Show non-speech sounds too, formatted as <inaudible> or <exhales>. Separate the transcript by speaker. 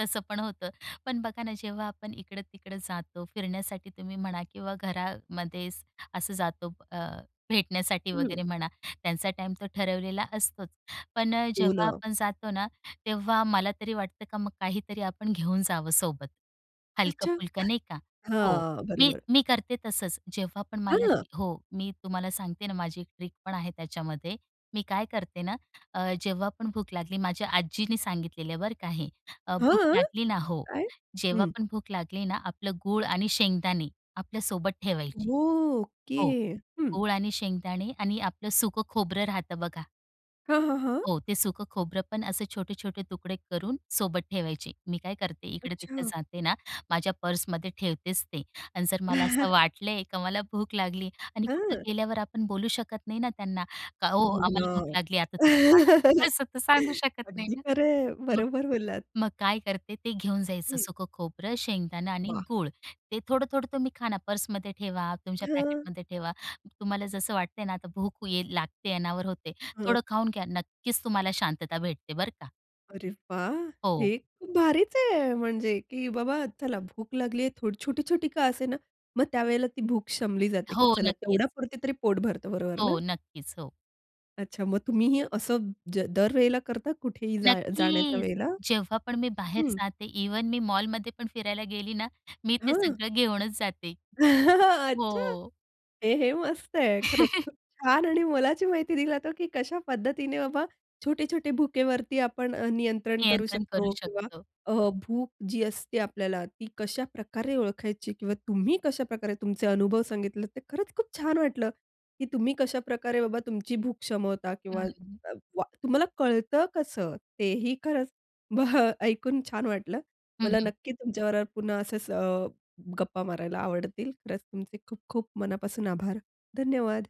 Speaker 1: तसं पण होतं. पण बघा ना जेव्हा आपण इकडं-तिकडं जातो फिरण्यासाठी तुम्ही म्हणा, किंवा घरामध्ये असं जातो अ, भेटण्यासाठी वगैरे
Speaker 2: हं.
Speaker 1: म्हणा. त्यांचा टाईम तो ठरवलेला असतोच. पण अ,
Speaker 2: हो,
Speaker 1: जेव्हा
Speaker 2: ना.
Speaker 1: आपण जातो ना, तेव्हा मला तरी वाटतं का मग काहीतरी आपण घेऊन जावं सोबत.
Speaker 2: अच्छा!
Speaker 1: हलकं-फुलकं, नाही का?
Speaker 2: <exhales>
Speaker 1: हो.
Speaker 2: हां,
Speaker 1: मी
Speaker 2: बरोबर.
Speaker 1: मी करते तसंच जेव्हा पण मला
Speaker 2: हां.
Speaker 1: हो, मी तुम्हाला सांगते ना माझी एक ट्रिक पण आहे त्याच्यामध्ये. मी काय करते ना अ, जेव्हा पण भूक लागली माझ्या आजीनी सांगितलेलं आहे बरं का हे. अ, भूक
Speaker 2: हं,
Speaker 1: लागली ना, हो.
Speaker 2: काय?
Speaker 1: जेव्हा
Speaker 2: हं.
Speaker 1: पण भूक लागली ना आपलं गूळ आणि शेंगदाणे आपल्या सोबत ठेवायची.
Speaker 2: ओके
Speaker 1: हो,
Speaker 2: हं.
Speaker 1: गूळ आणि शेंगदाणे आणि आपलं सुक खोबरं राहतं बघा.
Speaker 2: हं, हं, हं.
Speaker 1: हो, ते सुक खोबरं पण असे छोटे-छोटे तुकडे करून सोबत ठेवायचे. मी काय करते इकडे-तिकडे
Speaker 2: अच्छा.
Speaker 1: जाते ना, माझ्या पर्समध्ये ठेवतेच ते. अन जर मला असं
Speaker 2: <laughs>
Speaker 1: वाटलंय का मला भूक लागली आणि कुठं
Speaker 2: हं.
Speaker 1: गेल्यावर आपण बोलू शकत नाही ना त्यांना का "ओ
Speaker 2: हो
Speaker 1: आम्हाला भूक
Speaker 2: ना.
Speaker 1: लागली आता वाढा."
Speaker 2: <laughs>
Speaker 1: असं तर सांगू शकत नाही
Speaker 2: अगदी
Speaker 1: ना.
Speaker 2: खरं आहे.
Speaker 1: <unintelligible>
Speaker 2: बरोबर बोललात.
Speaker 1: मग काय करते, ते घेऊन जायचं
Speaker 2: हं.
Speaker 1: सुक खोबरं, शेंगदाणे आणि
Speaker 2: वाह!
Speaker 1: गूळ. ते थोडं-थोडं तुम्ही खा ना पर्समध्ये ठेवा, तुमच्या
Speaker 2: हं.
Speaker 1: पॅकेटमध्ये ठेवा. तुम्हाला जसं वाटतंय ना आता भूक ये लागते, अनावर होते,
Speaker 2: हं.
Speaker 1: थोडं खाऊन घ्या. नक्कीच तुम्हाला शांतता भेटते. बरं का.
Speaker 2: अरे वाह!
Speaker 1: हो.
Speaker 2: हे खूप भारीच आहे. म्हणजे, की बाबा चला भूक लागलीये, थो छोटी-छोटी का असे ना, मग त्यावेळेला ती भूक शमली जाते, की
Speaker 1: हो,
Speaker 2: चला
Speaker 1: नक्कीच.
Speaker 2: तेवढ्यापुरती तरी पोट भरतं बरोबर ना?
Speaker 1: हो. नक्कीच, हो.
Speaker 2: अच्छा मग तुम्ही हे असं ज दर वेळेला करता? कुठेही जाण्या जाण्याच्या
Speaker 1: नक्कीच.
Speaker 2: वेळेला?
Speaker 1: जेव्हा पण मी बाहेर
Speaker 2: हं.
Speaker 1: जाते इव्हन मी मॉलमध्ये पण फिरायला गेली ना, मी ते
Speaker 2: हं.
Speaker 1: सगळं घेऊनच जाते.
Speaker 2: <laughs> अच्छा!
Speaker 1: हो.
Speaker 2: ए हे मस्त आहे. खरंच
Speaker 1: <laughs>
Speaker 2: खूप छान आणि मोलाची माहिती दिला जातो, की कशा पद्धतीने बाबा छोटे-छोटे भूकेवरती आपण अ, नियंत्रण करू
Speaker 1: नियंत्रण करू
Speaker 2: शकतो. किंवा
Speaker 1: शकतो.
Speaker 2: अ, भूक जी असते आपल्याला, ती कशाप्रकारे ओळखायची? किंवा तुम्ही कशाप्रकारे तुमचे अनुभव सांगितले, ते खरंच खूप छान वाटल, की तुम्ही कशाप्रकारे बाबा तुमची भूक क्षमवता? किंवा
Speaker 1: हं, हं.
Speaker 2: अ, व तुम्हाला कळतं कसं? तेही खरंच बह ऐकून छान वाटलं.
Speaker 1: हं,
Speaker 2: मला
Speaker 1: हं.
Speaker 2: नक्की तुमच्याबरोबर पुन्हा असंच गप्पा मारायला आवडतील. खरंच तुमचे खूप-खूप मनापासून आभार. धन्यवाद.